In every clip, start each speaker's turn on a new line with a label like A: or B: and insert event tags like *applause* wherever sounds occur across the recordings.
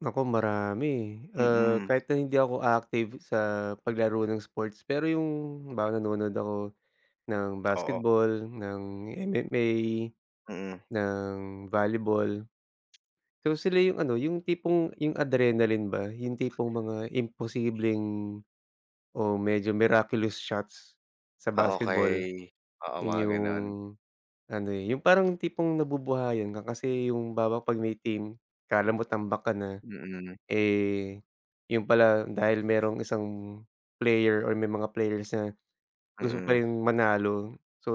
A: Naku marami eh. Ah
B: Mm.
A: kahit na hindi ako active sa paglaro ng sports pero yung halimbawa nanonood ako ng
B: Oo.
A: basketball, ng MMA,
B: Mm.
A: ng volleyball. So sila yung ano yung tipong yung adrenaline ba, yung tipong mga imposibleng o medyo miraculous shots sa
B: Ah
A: basketball.
B: okey, oo
A: Yun
B: mga
A: yung
B: ganun.
A: ano eh, yung parang tipong nabubuhayan ka kasi yung halimbawa pag may team, kala mo tambak ka na.
B: Mm.
A: Eh yun pala dahil merong isang player or may mga players na gusto pa
B: Mm.
A: ring manalo. So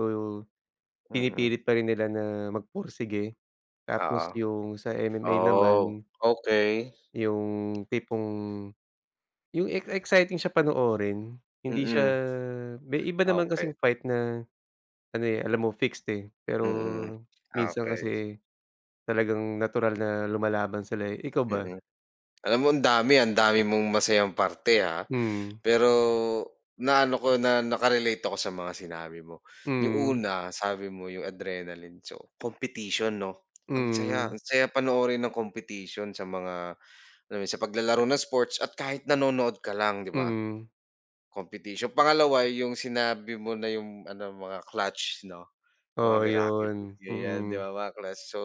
B: Mm.
A: pinipilit pa rin nila na magpursige. Tapos
B: Oo.
A: yung sa MMA
B: Oh,
A: naman
B: okey.
A: Yung tipong, yung ex exciting siya panoorin hindi siya,
B: Mm.
A: may iba
B: Ah
A: naman
B: okey.
A: kasing fight na ano eh alam mo fixed eh pero
B: Mm,
A: minsan
B: okey.
A: kasi talagang natural na lumalaban sila eh, ikaw ba?
B: Mm. Alam mo ang dami ang dami mong masayang parte ah,
A: Mm.
B: pero na ano ko na naka-relate ako sa mga sinabi mo. Yung
A: Mm.
B: una sabi mo yung adrenaline, so competition no? Ang saya,
A: Mm.
B: ang saya panoorin ng competition sa mga ano sa paglalaro ng sports at kahit nanonood ka lang, 'di ba?
A: Mm.
B: Competition. Pangalawa yung sinabi mo na yung ano mga clutch no, mga
A: Oo
B: miraculous,
A: yun,
B: ganyan 'di
A: mm.
B: ba mga clutch. So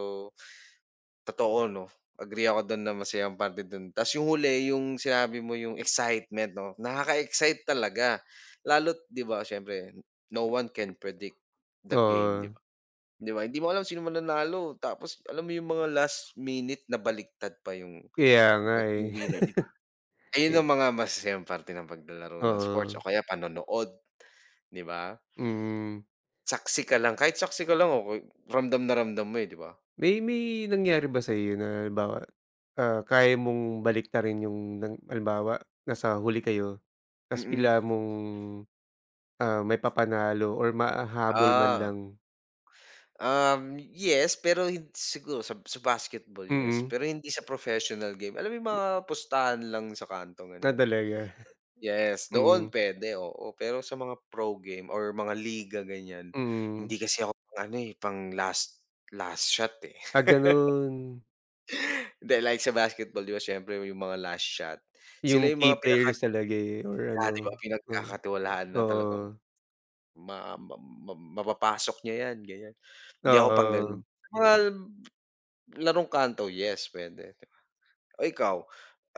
B: totoo no, agree ako dun na masayang parte dun. Ta's yung huli yung sinabi mo yung excitement no, nakaka-excite talaga. Lalo't 'di ba siyempre, no one can predict the game 'di
A: Oo.
B: ba? 'Di ba hindi mo alam sino mananalo. Tapos alam mo yung mga last minute nabaliktad pa yung
A: Kaya nga
B: 'pag
A: eh.
B: winner. 'di ba.
A: *chuckles*
B: Ayun ang
A: Eh.
B: mga masasayang parte ng paglalaro ng sports
A: Oo.
B: o kaya panonood, 'di ba?
A: Mm.
B: Saksi ka lang, kahit saksi ka lang okey, ramdam na ramdam mo eh, 'di ba?
A: May may nangyari ba sa'yo na halimbawa ah, kaya mong baliktarin yung na halimbawa nasa huli kayo, ta's
B: Mm.
A: bigla mong, ah, maipapanalo or mahahabol man
B: Ah.
A: lang?
B: Um yes. Pero hin siguro sa sa basketball yes.
A: Mm.
B: Pero hindi sa professional game, alam mo yung mga pustahan lang sa kanto?
A: Ah
B: Ganyan.
A: talaga.
B: Yes,
A: Mm.
B: noon pwede oo. Pero sa mga pro game or mga liga ganyan, hindi
A: Mm.
B: kasi ako pang ano eh pang last last shot eh.
A: Ah ganun.
B: *laughs* Hindi like sa basketball, 'di ba siyempre yung mga last shot, sila
A: Yung
B: yung mga
A: key
B: pinaka
A: players talaga eh or
B: kaya 'di ba
A: ano, oo,
B: pinagkakatiwalaan na talagang
A: oo.
B: ma ma ma mapapasok niya yan ganyan, hindi ako pang ganun.
A: Oo.
B: Mga larong kanto, yes pwede. O ikaw,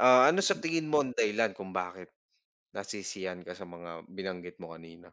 B: ah, ano sa tingin mo ang dahilan kung bakit nasisiyahan ka sa mga binanggit mo kanina?